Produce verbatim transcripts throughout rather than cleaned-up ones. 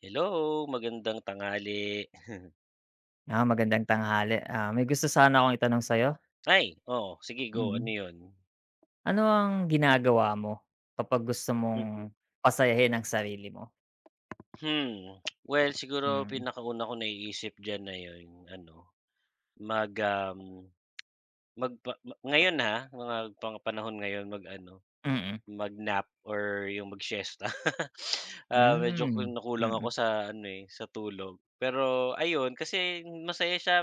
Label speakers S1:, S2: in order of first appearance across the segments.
S1: Hello! Magandang tanghali.
S2: Ah, magandang tanghali, ah, may gusto sana akong itanong sa'yo.
S1: Ay, oh, sige go. Ano
S2: Mm.
S1: yun?
S2: Ano ang ginagawa mo kapag gusto
S1: Mhm.
S2: mong pasayahin ang sarili mo?
S1: Hmm. Well siguro
S2: Mm.
S1: pinakauna ko naiisip dyan na yung ano, mag um, magpa ma ngayon ha, mga pang panahon ngayon mag-ano
S2: Mm.
S1: mag-nap or yung mag-siesta. Ah, medyo
S2: Hmm,
S1: kinukulang ako
S2: mm.
S1: sa ano eh, sa tulog. Pero, ayun kasi masaya siya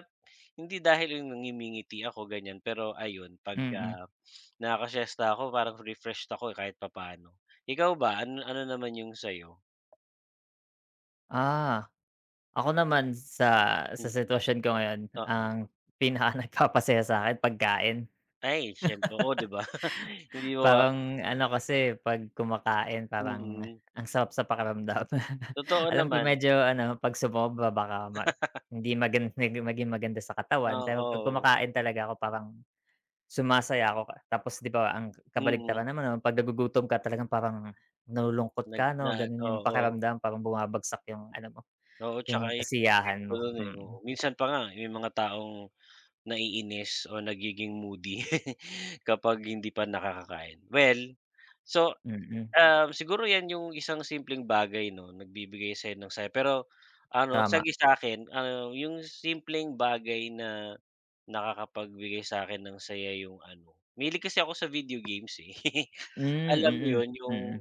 S1: hindi dahil yung na ngimingiti ako ganyan pero ayun 'pag,
S2: Mm.
S1: ah, nakakasiyesta ako parang refreshed ako kahit papaano. Ikaw ba, ano ano naman yung sa'yo?
S2: Ah. Ako naman sa sa
S1: Mm.
S2: sitwasyon ko ngayon
S1: Oo.
S2: ang pinaka nagpapasaya sa'kin pagkain.
S1: Ay, siyempre, oh, di ba. Hindi ma wa
S2: Parang ano kasi 'pag kumakain, parang
S1: Mm.
S2: ang sarap sa pakiramdam.
S1: Totoo
S2: Alam ko
S1: naman.
S2: medyo ano, 'pag sumobra baka ma hindi magan hindi maging maganda sa katawan, pero 'pag
S1: Oo.
S2: kumakain talaga ko parang sumasaya ako ka tapos di ba ang
S1: Mm.
S2: kabaligtaran naman non, 'pag nagugutom ka talagang parang nalulungkot
S1: Nag
S2: ka no,
S1: na
S2: ganun yung
S1: oo.
S2: pakiramdam, parang bumabagsak yung ano mo,
S1: Oo,
S2: yung
S1: tsaka yung
S2: kasiyahan
S1: epekto
S2: mo,
S1: nun, eh, oo.
S2: mm.
S1: Minsan pa nga may mga taong naiinis o nagiging moody, kapag hindi pa nakakakain. Well, so,
S2: Mm.
S1: ah, siguro yan yung isang simpleng bagay no, nagbibigay sa'yo ng saya. Pero, ano sa
S2: Tama.
S1: gi sa'kin, ah, yung simpleng bagay na nakakapagbigay sa'kin ng saya yung ano, mahilig kasi ako sa video games, eh.
S2: Hmm,
S1: Alam mo
S2: mm.
S1: yun yung,
S2: Mm.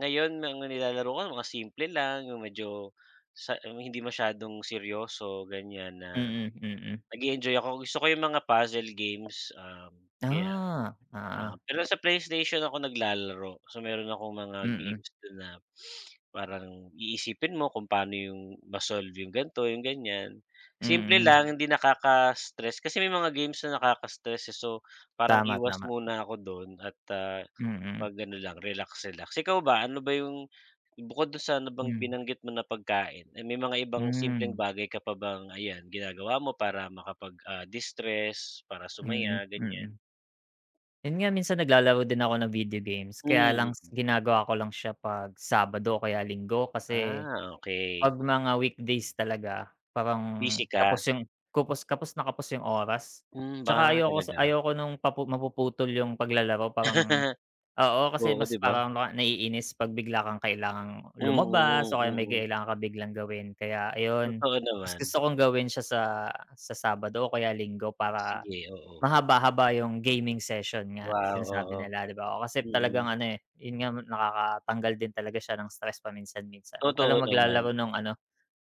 S1: ngayon ang nilalaro ko mga simple lang, yung medyo sa hindi masyadong seryoso ganyan, na
S2: Mm, mm.
S1: nag-e-enjoy ako. Gusto ko yung mga puzzle games, um, kaya,
S2: Ah,
S1: ah
S2: oo.
S1: pero sa PlayStation ako naglalaro. So meron akong mga
S2: Mm.
S1: games dun na, parang iisipin mo kung paano yung ma-solve, yung ganito yung ganyan. Simple
S2: Mm.
S1: lang hindi nakaka-stress, kasi may mga games na nakaka-stress eh, so, parang
S2: Tama,
S1: iwas
S2: tama.
S1: muna ako dun at, ah,
S2: Mm.
S1: 'pag ano lang relax-relax. Ikaw ba, ano ba yung bukod dun sa nabang
S2: Hmm.
S1: binanggit mo na pagkain, ay may mga ibang simpleng
S2: Hmm.
S1: bagay ka pa bang, ayan, ginagawa mo para makapag, ah, distress para
S2: Mm,
S1: sumaya ganyan?
S2: mm. Yun nga minsan naglalaro din ako ng video games, kaya lang
S1: Hmm.
S2: ginagawa ko lang siya 'pag Sabado o kaya Linggo. Kasi,
S1: Ah, okey.
S2: 'pag mga weekdays talaga parang
S1: Busy ka.
S2: kapos yung kupus kapos na kapos 'yong oras
S1: Hmm,
S2: 'tsaka
S1: 'ba,
S2: ayoko s
S1: talaga?
S2: ayoko nung papu mapuputol 'yong paglalaro parang oo, kasi
S1: Oo,
S2: mas
S1: 'di ba?
S2: parang ma naiinis pag bigla kang kailangang lumabas
S1: Mm,
S2: o kaya may
S1: mm.
S2: kailangan kang biglang gawin. Kaya ayon,
S1: Totoo
S2: mas
S1: naman.
S2: gusto kong gawin siya sa, sa Sabado o kaya Linggo para,
S1: Sige, oo.
S2: mahaba-haba yung gaming session nga,
S1: Wow,
S2: sinasabi
S1: oo.
S2: nila, 'di ba. Oh, kasi
S1: Mm.
S2: talagang ano, eh yun nga, nakakatanggal din talaga siya ng stress paminsan-minsan, wag ka lang
S1: Totoo naman.
S2: maglalaro ng, ano,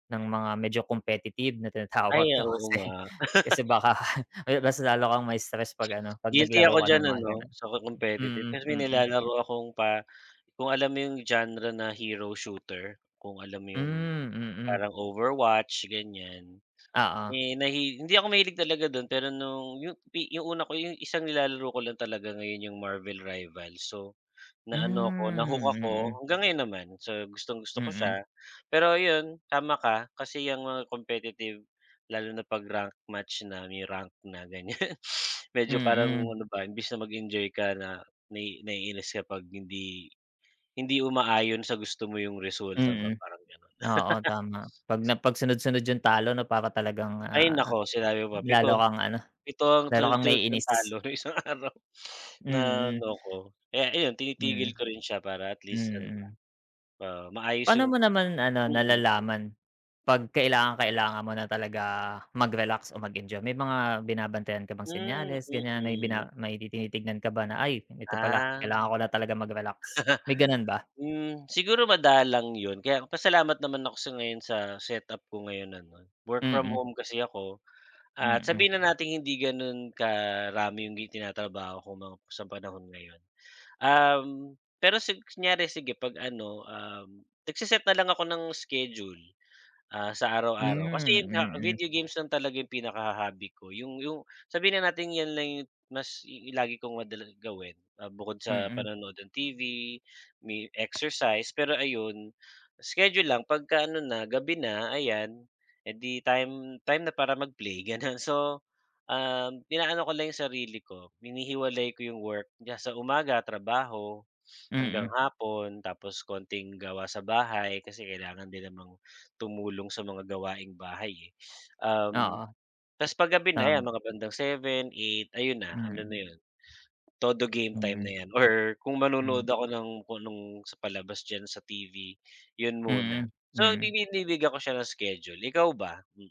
S2: ng mga medyo competitive na
S1: Ay,
S2: tinatawag daw
S1: oo
S2: kasi,
S1: nga.
S2: kasi baka ayun mas lalo kang ma-stress pag ano, pag
S1: Guilty
S2: naglaro
S1: ako
S2: ka
S1: diyan,
S2: ng mga
S1: ano,
S2: ganon.
S1: sa competitive.
S2: Mm,
S1: Tas may
S2: mm.
S1: nilalaro akong pa kung alam mo yung genre na Hero Shooter, kung alam mo yung
S2: Hmm, mm.
S1: parang Overwatch, ganyan.
S2: Oo.
S1: Eh, nahi hindi ako mahilig talaga dun pero nung yu pi yung una ko yung isang nilalaro ko lang talaga ngayon yung Marvel Rivals. So, na ano ako, na-hook
S2: Hmm,
S1: ako,
S2: mm.
S1: hanggang ngayon naman, so, gustong-gusto ko
S2: Mm.
S1: siya. Pero yun, tama ka, kasi yang mga competitive, lalo na pag rank match na, may rank na ganyan. Medyo parang,
S2: Mm.
S1: ano ba imbis na mag-enjoy ka, na nai naiinis ka 'pag hindi hindi umaayon sa gusto mo yung resulta ba
S2: Mm.
S1: parang ganon.
S2: Oo, tama. Pag napag-sunod-sunod yung talo, 'no, para talagang,
S1: Ay,
S2: ah,
S1: nako sinabi mo pa
S2: lalo
S1: pito,
S2: kang, ano,
S1: pito ang
S2: lalo kang
S1: sunod-sunod kung
S2: naiinis.
S1: talo sa isang araw, na,
S2: Mm.
S1: ano, ko. Kaya ayun, tinitigil
S2: Mm,
S1: ko rin siya para at least, ano ba,
S2: mm.
S1: maayos
S2: Paano
S1: yung
S2: mo naman, ano,
S1: mm.
S2: nalalaman pag kailangang-kailangan mo na talaga magrelax o mag-enjoy? May mga binabantayan ka bang
S1: Hmm,
S2: senyales ganyan may
S1: mm.
S2: bina may tinitignan ka ba na, "Ay, ito pala,
S1: Ah.
S2: kailangan ko na talaga magrelax," may ganun ba?
S1: Hmm, siguro madalang yun, kaya pasalamat naman ako sa ngayon sa set-up ko ngayon ano, work from
S2: Mm.
S1: home kasi ako, at
S2: Mm.
S1: sabihin na nating hindi ganun karami yung gi tinatrabaho ko mga sa panahon ngayon. Um, pero si kunyari sige 'pag, ano, um, nagse-set na lang ako ng schedule, ah, sa
S2: Hmm,
S1: araw-araw, kasi yung nga,
S2: mm.
S1: video games lang talaga yung pinaka-ho hobby ko yung yung sabihin na natin yan lang yung mas i lagi kong madalas gawin, ah, bukod sa
S2: Mm.
S1: panonood ng T-V, may exercise. Pero ayun, schedule lang, pagka, ano na, gabi na ayan, eh di time time na para mag-play, ganun, So, um, inaano ko lang yung sarili ko, hinihiwalay ko yung work kaya sa umaga trabaho, hanggang
S2: Mm.
S1: hapon, tapos konting gawa sa bahay, kasi kailangan din namang tumulong sa mga gawaing bahay, eh. Um,
S2: Oo.
S1: tas pag-gabi na yan
S2: Tama.
S1: mga bandang seven, eight, ayun na, ano na
S2: Mm.
S1: yun, todo game time
S2: Hmm.
S1: na yan or kung
S2: Hmm.
S1: manonood ako ng kung anong sa palabas diyan sa T-V, yun muna.
S2: Mm,
S1: So,
S2: mm.
S1: dinidiliga ko siya ng schedule, ikaw ba? Hmm.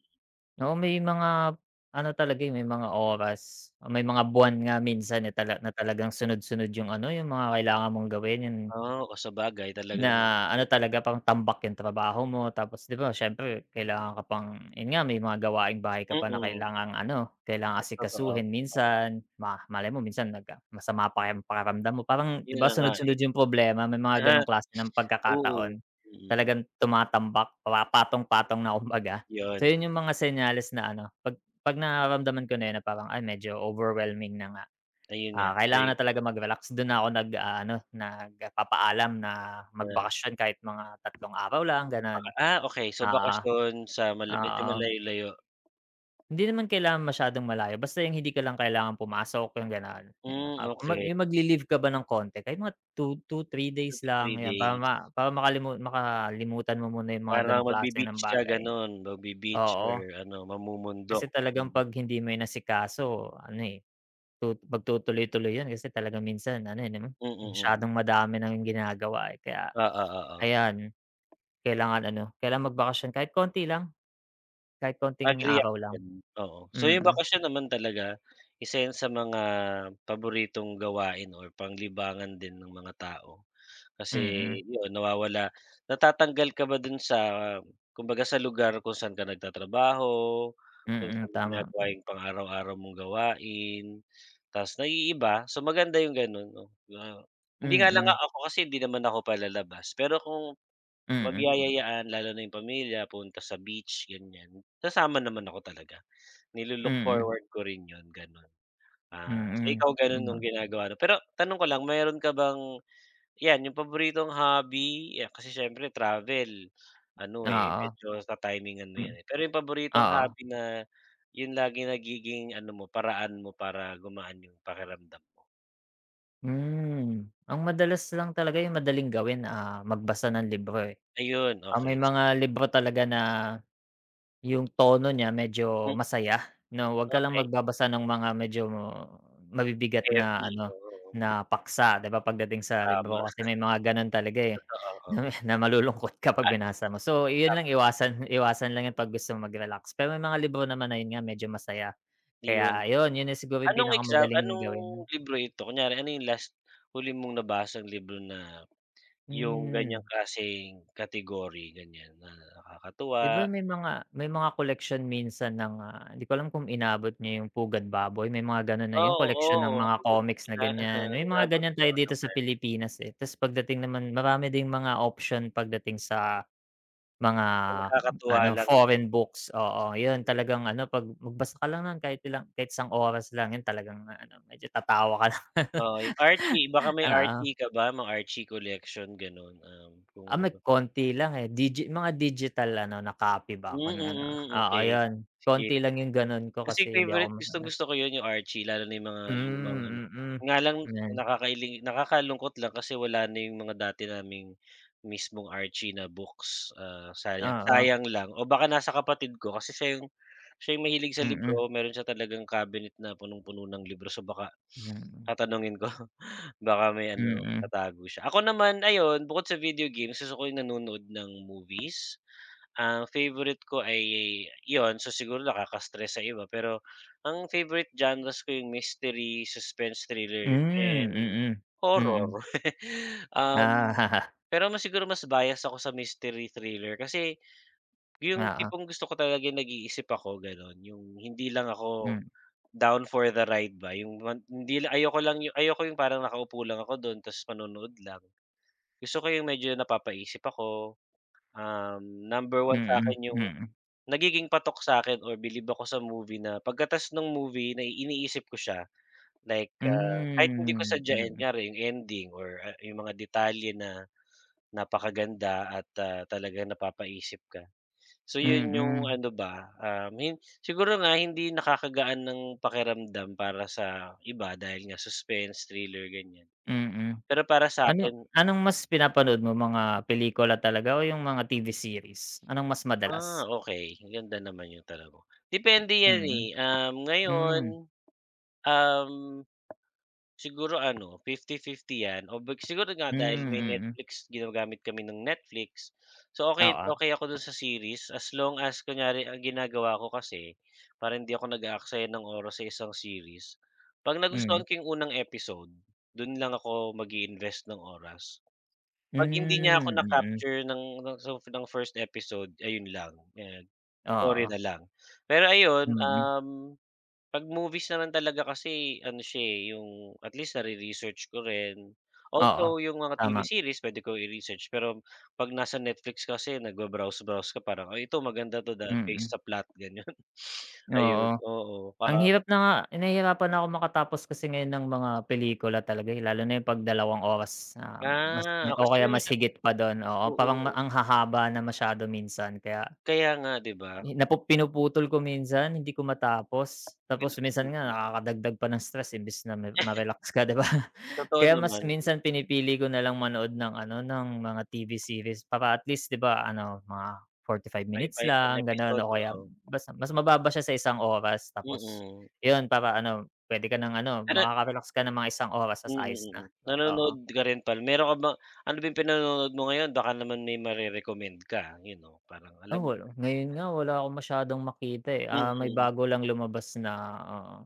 S2: Oo, may mga, ano, talaga, eh, may mga oras o may mga buwan nga minsan na tala na talagang sunod-sunod yung, ano, yung mga kailangan mong gawin yun
S1: Oh, oh sabagay
S2: na
S1: talagang
S2: ano talaga pang tambak yung trabaho mo. Tapos, 'di ba, siyempre kailangan ka pang yun nga may mga gawaing bahay ka pa na
S1: Mm.
S2: kailangang, ano, kailangan
S1: Totoo,
S2: asikasuhin
S1: oo.
S2: minsan. Ma malay mo minsan nag ah, masama pa yung pakiramdam mo parang, 'di
S1: Yun
S2: ba,
S1: na nga, eh.
S2: sunod-sunod yung problema, may mga ganong klase ng
S1: Oo,
S2: pagkakataon,
S1: mm.
S2: talagang tumatambak, pa patong-patong na kumbaga. So
S1: Yun.
S2: yun yung mga senyales na ano pag pag nararamdaman ko na yun na parang ay medyo overwhelming na nga,
S1: Ayun nga,
S2: ah,
S1: sa y
S2: kailangan na talaga mag-relax, dun na ako nag, aano, nagpapaalam na
S1: [unintelligible]
S2: magbakasyon kahit mga tatlong araw lang ganon.
S1: Ah, okey, so
S2: Oo.
S1: bakasyon sa mal medyo
S2: Oo.
S1: malayo-layo.
S2: Hindi naman kailangan masyadong malayo, basta yung hindi ka lang kailangan pumasok yung ganon, ayun.
S1: Hmm,
S2: Ah, kung
S1: okey.
S2: may magli-leave ka ba ng konti, kahit mga two to three
S1: two
S2: days
S1: to
S2: lang,
S1: three
S2: ayan para
S1: days.
S2: ma para makalimu makalimutan mo muna yung mga
S1: Parang
S2: ganong klase ng
S1: magbi-beach ka
S2: bagay.
S1: ganon, magbi-beach or,
S2: Oo.
S1: ano,
S2: Kasi
S1: mamumundok,
S2: talagang
S1: mm.
S2: pag hindi mo inasikaso ano, eh, tu pagtutuloy-tuloy yun kasi talagang minsan ano, eh, 'no,
S1: Mm, mm.
S2: masyadong madami na yung ginagawa, eh, kaya
S1: Oo, oo.
S2: ayan kailangan, ano, kailangan magbakasyon kahit konti lang, kahit konting
S1: Agree ako
S2: araw lang.
S1: diyan, oo. So yung
S2: Mm.
S1: bakasyon naman talaga, isa yan sa mga paboritong gawain or panglibangan din ng mga tao, kasi
S2: Mm.
S1: yun nawawala natatanggal ka ba dun sa, kumbaga, sa lugar kung saan ka nagtatrabaho, kung
S2: Mm,
S1: saan mo
S2: tama
S1: ginagawa yung pang-araw-araw mong gawain, tas naiiba. So, maganda yung ganon, 'no, 'di ba, hindi nga lang nga
S2: Mm.
S1: ako, kasi hindi naman ako palalabas pero kung,
S2: Mm.
S1: magyayayaan lalo na yung pamilya punta sa beach, ganyan, sasama naman ako talaga, nilu-look
S2: Mm.
S1: forward ko rin yun, ganun. Ah, so,
S2: Mm,
S1: ikaw ganun yung
S2: ganun.
S1: ginagawa mo? Pero tanong ko lang meron ka bang, yan, yung paboritong hobby ya kasi syempre travel, ano, eh,
S2: Oo.
S1: medyo ta-timingan mo
S2: Mm.
S1: yan eh, pero yung paboritong
S2: Oo.
S1: hobby na yung lagi nagiging, ano mo, paraan mo para gumaan yung pakiramdam mo?
S2: Hmm. Ang madalas lang talaga yung madaling gawin, ah, magbasa ng libro, eh.
S1: Ayun!
S2: Ah, may
S1: Okey, si
S2: mga libro talaga na yung tono niya medyo
S1: M
S2: masaya na 'wag ka lang
S1: Okey.
S2: magbabasa ng mga medyo mabibigat na
S1: Heavy,
S2: ano,
S1: oo.
S2: na paksa 'di ba pagdating sa
S1: Tama.
S2: libro kasi may mga gano'n talaga, eh,
S1: Totoo, oo.
S2: na malulungkot ka 'pag
S1: Ah,
S2: binasa mo. So, 'yun lang
S1: tama.
S2: iwasan iwasan lang 'yun 'pag gusto mong mag-relax. Pero may mga libro naman ayun nga medyo masaya
S1: 'Yon.
S2: kaya ayun, 'yun na siguro yung
S1: Anong exam
S2: pinakamadaling
S1: anong
S2: gawin.
S1: libro ito? Kunyari ano yung last huli mong nabasang libro na yung
S2: Hmm.
S1: ganyang klaseng category, ganyan na
S2: 'Di ba
S1: nakakatuwa.
S2: may mga may mga koleksyon minsan ng, ah, 'di ko alam kung inabot mo yung Pugad Baboy? May mga ganun na yung
S1: Oh,
S2: koleksyon ng mga
S1: oo. [unintelligible]
S2: comics na ganyan. May mga
S1: inabot
S2: ganyan
S1: ko
S2: tayo
S1: oo
S2: dito sa
S1: naman.
S2: Pilipinas, eh. Ta's pagdating naman marami ding mga option pagdating sa mga
S1: Oh, nakakatuwa
S2: ano,
S1: lang 'no?
S2: foreign books. Oo, 'yun
S1: Mm.
S2: talagang ano 'pag magbasa ka lang ng kahit ilang kahit isang oras lang 'yun talagang ano, medyo tatawa ka lang.
S1: Oo, yung Archie. Baka may
S2: Oo.
S1: Archie ka ba? Mga Archie collection, gano'n? Um, kung
S2: Ah, may
S1: nagba
S2: konti lang, eh. Digi mga digital ano, na copy ba ako
S1: Hmm,
S2: ng ano?
S1: mm,
S2: Oo,
S1: okey.
S2: 'yun.
S1: Sige.
S2: Konti lang yung ganu'n ko
S1: Kasi
S2: kasi hindi ako
S1: favourite
S2: [unintelligible]
S1: gustong-gusto ko yun, yung Archie lalo na yung mga lumang ano.
S2: Hmm, mm,
S1: 'Nga lang
S2: 'yan.
S1: nakakailing nakakalungkot lang kasi wala na yung mga dati naming mismong Archie na books, ah, sayang
S2: Oo.
S1: sayang lang o baka nasa kapatid ko kasi siya yung siya yung mahilig sa
S2: Mm.
S1: libro, meron siya talagang cabinet na punong-puno ng libro. So, baka
S2: Mm.
S1: tatanungin ko baka may ano, may
S2: Mm.
S1: natago siya. Ako naman ayun, bukod sa video games, gusto ko yung nanonood ng movies. Ang favourite ko ay 'yun. So, siguro nakaka-stress sa iba, pero ang favourite genres ko yung mystery, suspense, thriller
S2: Hmm,
S1: and
S2: mm. Mm.
S1: horror. Um,
S2: Ah.
S1: pero mas siguro mas bias ako sa mystery-thriller. Kasi yung
S2: Oo.
S1: tipong gusto ko talagang nag-iisip ako, gano'n. Yung hindi lang ako
S2: M
S1: down for the ride ba, yung wan hindi lang ayoko lang ayoko yung parang nakaupo lang ako dun ta's manonood lang. Gusto ko yung medyo napapaisip ako, um, number one
S2: Mm,
S1: sa'kin yung
S2: mm.
S1: nagiging patok sa'kin or bilib ako sa movie na pagkata's ng movie na iniisip ko siya. Like, ah, kahit hindi ko
S2: Hmm,
S1: sadyain,
S2: mm.
S1: kunyari yung ending or, ah, yung mga detalye na napakaganda at, ah, talagang, napapaisip ka. So, 'yun yung
S2: Mm.
S1: ano ba, um, yun siguro nga hindi nakakagaan ng pakiramdam para sa iba dahil nga suspense, thriller, ganyan.
S2: Mm.
S1: Pero para
S2: Ano
S1: sa'kin
S2: anong mas pinapanood mo? Mga pelikula talaga o yung mga T-V series? Anong mas
S1: Ah,
S2: madalas?
S1: okey, ganda naman yun talaga. Depende 'yan,
S2: Mm.
S1: eh. Um, ngayon,
S2: Hmm.
S1: um, siguro ano, fifty-fifty 'yan o big siguro nga
S2: Hmm,
S1: dahil may
S2: mm.
S1: Netflix, ginagamit kami ng Netflix. So, okey
S2: Oo.
S1: okey ako dun sa series as long as kunyari ang ginagawa ko kasi para hindi ako nag-aaksaya ng oras sa isang series, 'pag
S2: Mm.
S1: nagustuhan ko yung unang episode, dun lang ako mag-i-invest ng oras. 'Pag hindi niya ako
S2: Hmm,
S1: na
S2: mm.
S1: capture ng ng sof first episode, ayun lang, 'yan, sorry
S2: Oo.
S1: na lang. Pero ayun,
S2: Mm.
S1: um, 'pag movies na lang talaga kasi ano siya, eh, yung at least nare-research ko rin.
S2: Oo,
S1: Although yung mga T-V
S2: tama.
S1: series puwede kong i-research, pero 'pag nasa Netflix kasi nagba-browse-browse ka parang ay ito maganda 'to based
S2: Mm.
S1: sa plot, ganyan. Ayun,
S2: Oo.
S1: oo. Pa
S2: Ang hirap na nga nahihirapan na ako makatapos kasi ngayon ng mga pelikula talaga, eh, lalo na yung 'pag dalawang oras na mas
S1: Ah,
S2: o
S1: kasi
S2: kaya
S1: nga
S2: mas
S1: masya
S2: higit pa dun, oo. Parang ma
S1: mm.
S2: ang hahaba na masyado minsan kaya
S1: Kaya nga, 'di ba?
S2: napu pinuputol ko minsan, hindi ko matapos. Tapos minsan nga
S1: [unintelligible]
S2: nakakadagdag pa ng stress imbes na mi ma-relax ka, 'di ba?
S1: Totoo
S2: Kaya mas
S1: naman.
S2: minsan pinipili ko na lang manood ng ano, ng mga T-V series para at least 'di ba ano, mga forty five minutes
S1: [unintelligible]
S2: lang gano'n
S1: episode,
S2: o kaya
S1: oo.
S2: bas mas mababa siya sa isang oras. Tapos
S1: Mm.
S2: 'yun para ano, puwede ka ng ano,
S1: [unintelligible]
S2: makaka-relax ka ng mga isang oras ta's
S1: Mm,
S2: ayos na,
S1: mm.
S2: oo.
S1: Nanonood ka rin pala meron ka ba ano ba yung pinanonood mo ngayon? Baka naman may mare-recommend ka. Yun oh, parang
S2: Ah,
S1: alam mo
S2: wala. Ngayon nga wala akong masyadong makita, eh. Ah, may
S1: Mm.
S2: bago lang lumabas na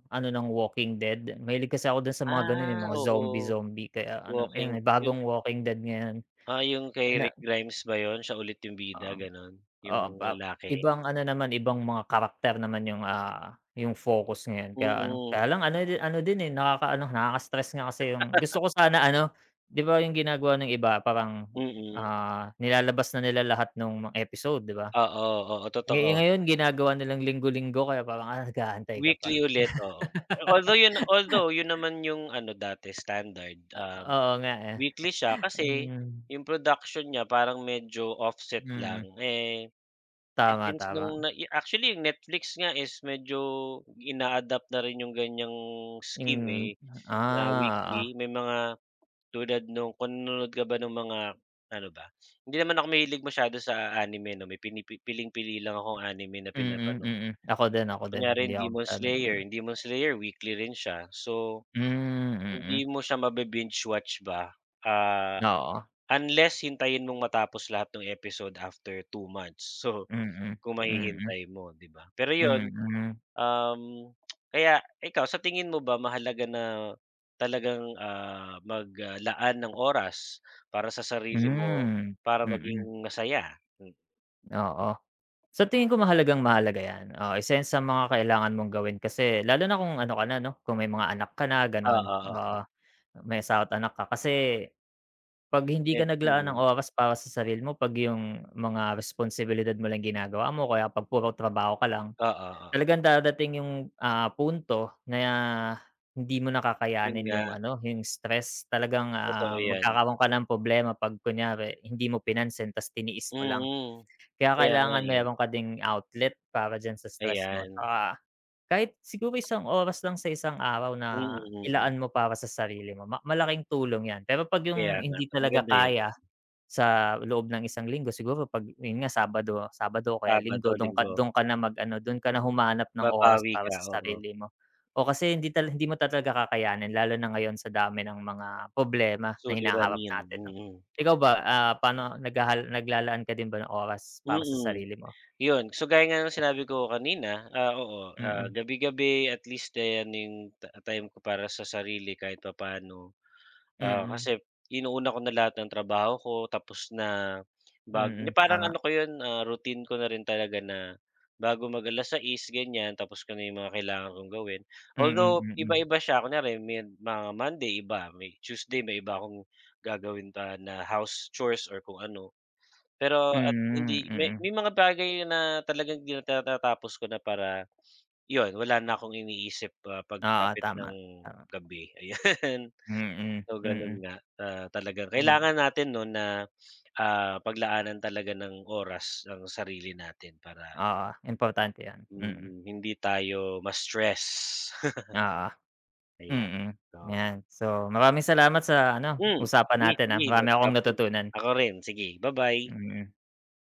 S2: ano ng Walking Dead. Mahilig kasi ako dun sa mga gano'n, yung
S1: Ah,
S2: mga zombie,
S1: oo.
S2: zombie kaya ano,
S1: Walking
S2: may
S1: [unintelligible]
S2: bagong Walking Dead ngayon.
S1: Ah, yung kay
S2: Ina
S1: Rick Grimes ba 'yun? Siya ulit yung
S2: Oo.
S1: bida, gano'n?
S2: Oo.
S1: Yung
S2: Ba
S1: lalaki.
S2: ibang ano naman, ibang mga character naman yung, ah, yung focus ngayon. Kaya ano,
S1: Mm.
S2: kaya lang ano di ano din, eh, nakaka nakaka-stress nga kasi yung gusto ko sana ano, 'di ba yung ginagawa ng iba parang,
S1: Mm.
S2: ah, nilalabas na nila lahat nung mga episode, 'di ba?
S1: Oo, oo,
S2: Eh,
S1: totoo.
S2: ngayon ginagawa nilang linggo-linggo kaya parang, ah, nag-aantay ka pa.
S1: Weekly ulit, oo. Athough 'yun although yun naman yung ano dati, standard.
S2: O
S1: Ah,
S2: oo nga, eh,
S1: weekly siya kasi
S2: hmm.
S1: 'yong production niya parang medyo offset lang.
S2: Mm.
S1: Eh,
S2: Tama,
S1: since nung
S2: tama.
S1: nai actually Netflix nga is medyo ina-adapt na rin 'yong ganyang scheme,
S2: Yung
S1: eh, na
S2: ah, oo.
S1: weekly. May mga tulad noon kung nanonood ka ba ng mga ano ba? Hindi naman ako mahilig masyado sa anime 'no? May pini piling-pili lang akong anime na
S2: Mm,
S1: pinapanood.
S2: mm. Ako din, ako din.
S1: Kunyari
S2: Hindi
S1: yung
S2: ako
S1: Demon
S2: masyado na
S1: Slayer.
S2: ano
S1: Demon Slayer weekly rin siya. So,
S2: Hmm,
S1: hindi
S2: mm.
S1: mo siya mabi-binge watch ba, ah,
S2: Oo.
S1: unless hintayin mong matapos lahat ng episode after two months. So,
S2: Mm.
S1: kung
S2: Mm.
S1: mahihintay mo, 'di ba? Pero yun,
S2: Mm.
S1: um, kaya ikaw sa tingin mo ba mahalaga na talagang, ah, maglaan ng oras para sa sarili mo
S2: Hmm,
S1: para maging
S2: mm.
S1: masaya? M
S2: Oo. Sa tingin ko mahalagang-mahalaga yan, oo, isa 'yan sa mga kailangan mong gawin kasi lalo na kung ano ka na 'no, kung may mga anak ka na,
S1: Oo,
S2: gan'on, oo.
S1: oo.
S2: May asawa't anak ka kasi, 'pag hindi
S1: Head
S2: ka naglaan ng
S1: ayun.
S2: oras para sa sarili mo, 'pag 'yong mga responsibilidad mo lang yung ginagawa mo, o kaya 'pag puro trabaho ka lang,
S1: Oo, oo.
S2: talagang dadating yung, ah, punto na hindi mo na
S1: 'Yon
S2: kakayanin 'yong
S1: nga.
S2: ano, 'yong stress, talagang,
S1: Totoo
S2: ah,
S1: 'yan.
S2: magkakaroon ka ng problema 'pag kunyari hindi mo pinansin, 'tas tiniis mo lang.
S1: Mm.
S2: Kaya
S1: Kaya nga,
S2: kailangan
S1: eh.
S2: mayroon ka ding outlet para diyan sa stress mo
S1: Ayan.
S2: 'tsaka, kahit siguro isang oras lang sa isang araw na
S1: Mm, mm.
S2: ilaan mo para sa sarili mo, ma malaking tulong 'yan. Pero 'pag
S1: Kaya
S2: 'yong
S1: nga,
S2: hindi
S1: sa
S2: talaga
S1: maganda 'yon.
S2: kaya sa loob ng isang linggo siguro 'pag 'yon nga Sabado Sabado o kaya
S1: Sabado,
S2: Linggo do'ng ka
S1: Linggo.
S2: do'ng ka na mag-ano, doon ka na humanap ng oras
S1: Babawi
S2: para
S1: ka,
S2: sa
S1: oo.
S2: sarili mo. O kasi hindi tala hindi mo ta talaga kakayanin lalo na ngayon sa dami ng mga problema na hinaharap
S1: Suliranin,
S2: natin 'no.
S1: mm.
S2: Ikaw ba, ah, paano naghahal naglalaan ka din ba ng oras para sa
S1: Mm.
S2: sarili mo?
S1: 'Yon, so gaya nga no'ng sinabi ko kanina, ah, oo, ah,
S2: Mm.
S1: gabi-gabi at least, ten 'yong ta time ko para sa sarili kahit papaano. Ah,
S2: Mm.
S1: kasi inuuna ko na lahat ng trabaho ko tapos na bag hindi
S2: Mm,
S1: parang ano
S2: tama.
S1: ko 'yon, ah, routine ko na rin talaga na bago mag alas sais ganiyan, tapos ko na 'yong mga kailangan kong gawin.
S2: Mm,
S1: Although,
S2: mm.
S1: iba-iba siya kunyari med mga Monday iba, may Tuesday may iba akong gagawin pa na house chores or kung ano. Pero at
S2: Hmm,
S1: hindi may may
S2: mm.
S1: mga bagay na talagang tinatata tapos ko na para, 'yon, wala na akong iniisip, ah,
S2: Oo,
S1: pagsapit ng
S2: tama, tama.
S1: gabi, ayan.
S2: Mm,
S1: So, gano'n
S2: mm.
S1: nga, ah, talagang
S2: Hmm.
S1: kailangan natin 'no na, ah, paglaanan talaga ng oras ang sarili natin para
S2: Oo, importante 'yon, mm.
S1: mm, hindi tayo ma-stress.
S2: Oo.
S1: Ayan,
S2: Mm,
S1: oh.
S2: 'yan, so maraming salamat sa ano,
S1: M
S2: usapan
S1: sige,
S2: natin, ah,
S1: sige no
S2: marami akong
S1: problem.
S2: natutunan.
S1: Ako rin, sige, bye bye.
S2: Mm.